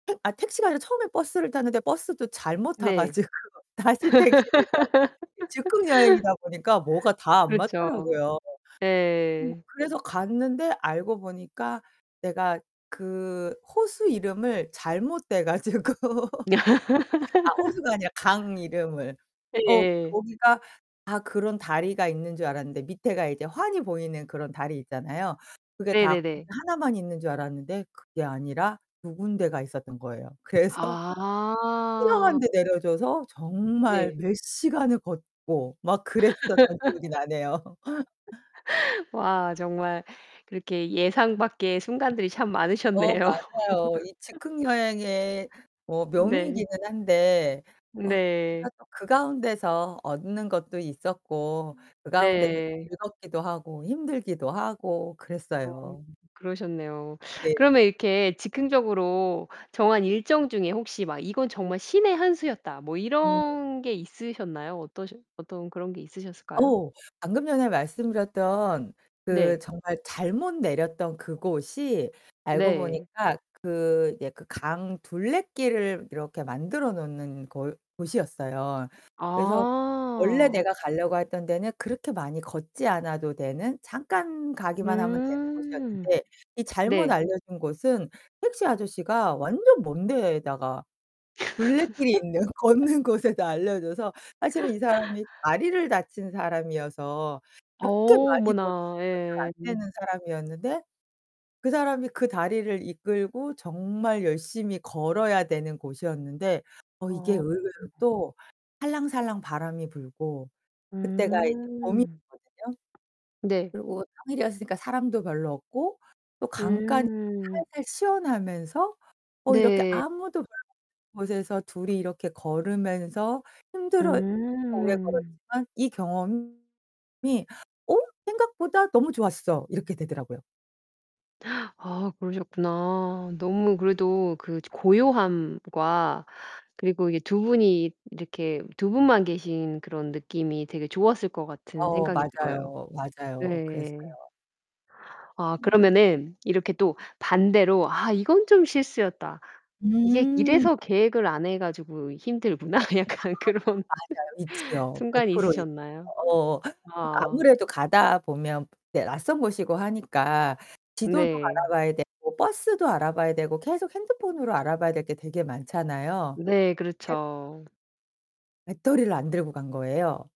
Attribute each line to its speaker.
Speaker 1: 택 아 택시가 아니라 처음에 버스를 탔는데 버스도 잘못 타
Speaker 2: 네.
Speaker 1: 가지고 다시 택시를 타고 이 즉흥 여행이다 보니까 뭐가 다 안
Speaker 2: 그렇죠.
Speaker 1: 맞더라고요. 음
Speaker 2: 네.
Speaker 1: 그래서 갔는데 알고 보니까 내가 그 호수 이름을 잘못 대 가지고 아 호수가 아니라 강 이름을. 어
Speaker 2: 예예.
Speaker 1: 거기가 다 그런 다리가 있는 줄 알았는데 밑에가 이제 환히 보이는 그런 다리 있잖아요. 그게 다 거기
Speaker 2: 네네네.
Speaker 1: 하나만 있는 줄 알았는데 그게 아니라 2 군데가 있었던 거예요. 그래서 희한한
Speaker 2: 아.
Speaker 1: 데 내려줘서 정말
Speaker 2: 네.
Speaker 1: 몇 시간을 걷고 막 그랬었던 기억이 나네요.
Speaker 2: 와 정말 그렇게 예상 밖의 순간들이 참
Speaker 1: 어
Speaker 2: 많으셨네요.
Speaker 1: 맞아요. 이 즉흥 여행의 뭐
Speaker 2: 네.
Speaker 1: 묘미이기는 한데 어
Speaker 2: 네.
Speaker 1: [unintelligible] 그 가운데서 얻는 것도 있었고 그 가운데서 또
Speaker 2: 네.
Speaker 1: 즐겁기도 하고 힘들기도 하고
Speaker 2: 어
Speaker 1: 그랬어요.
Speaker 2: 그러셨네요.
Speaker 1: 네.
Speaker 2: 그러면 이렇게 즉흥적으로 정한 일정 중에 혹시 막 '이건 정말 신의 한 수였다.' 뭐
Speaker 1: 음.
Speaker 2: 이런 게 있으셨나요? 어떠셔 어떤 그런 게 있으셨을까요?
Speaker 1: 어우. 방금 전에 말씀드렸던 그
Speaker 2: 네.
Speaker 1: 정말 잘못 내렸던 그곳이 알고
Speaker 2: 네.
Speaker 1: 보니까 그 이제 그 강 둘레길을 이렇게 만들어 놓는 골 곳이었어요. 그래서 원래
Speaker 2: 아.
Speaker 1: 내가 가려고 했던 데는 그렇게 많이 걷지 않아도 되는 잠깐 가기만 하면 되는
Speaker 2: 음.
Speaker 1: 곳이었는데, 이 잘못
Speaker 2: 네.
Speaker 1: 알려준 곳은 택시 아저씨가 완전 먼 데에다가 둘레길이 있는 걷는 곳에다 알려줘서 사실은 이 사람이 다리를 다친 사람이어서
Speaker 2: 어
Speaker 1: 그렇게 많이 걷
Speaker 2: 어머나, 예.
Speaker 1: [unintelligible] 잘 안 되는 사람이었는데 그 사람이 그 다리를 이끌고 정말 열심히 걸어야 되는 곳이었는데 어 이게
Speaker 2: 어.
Speaker 1: 의외로
Speaker 2: [unintelligible]
Speaker 1: 또 살랑살랑 바람이 불고 그때가 이제
Speaker 2: 음.
Speaker 1: 봄이었거든요.
Speaker 2: 네.
Speaker 1: 그리고 평일이었으니까 사람도 별로 없고 또 간간이
Speaker 2: 음.
Speaker 1: 살살 시원하면서 어 이렇게
Speaker 2: 네.
Speaker 1: 아무도 [unintelligible] 곳에서 둘이 이렇게 걸으면서 힘들어 했 [unintelligible] 오래
Speaker 2: 음.
Speaker 1: 걸었지만 이 경험이 '어 생각보다 너무 좋았어.' 이렇게 되더라고요.
Speaker 2: 아 그러셨구나. 너무 그래도 그 고요함과 그리고 이렇게 두 분이 이렇게 두 분만 계신 그런 느낌이 되게 좋았을 것 같은
Speaker 1: 어
Speaker 2: 생각이 들어요.
Speaker 1: 맞아요. 맞아요. 그랬어요.
Speaker 2: 네. 아
Speaker 1: 음.
Speaker 2: 그러면은 이렇게 또 반대로 '아 이건 좀 실수였다. 이게
Speaker 1: 음.
Speaker 2: 이래서 계획을 안 해 가지고 힘들구나.'
Speaker 1: 아
Speaker 2: 약간 그런
Speaker 1: 맞아요, 있지요. 백
Speaker 2: 순간이
Speaker 1: 프로 있
Speaker 2: 있으셨나요?
Speaker 1: 어 어.
Speaker 2: 아.
Speaker 1: 아무래도 가다 보면 네 낯선 곳이고 하니까 지도도
Speaker 2: 네.
Speaker 1: 알아봐야 되고 버스도 알아봐야 되고 계속 핸드폰으로 알아봐야 될 게 되게 많잖아요.
Speaker 2: 네
Speaker 1: 근데
Speaker 2: 그렇죠.
Speaker 1: 배터리를 안 들고 간 거예요.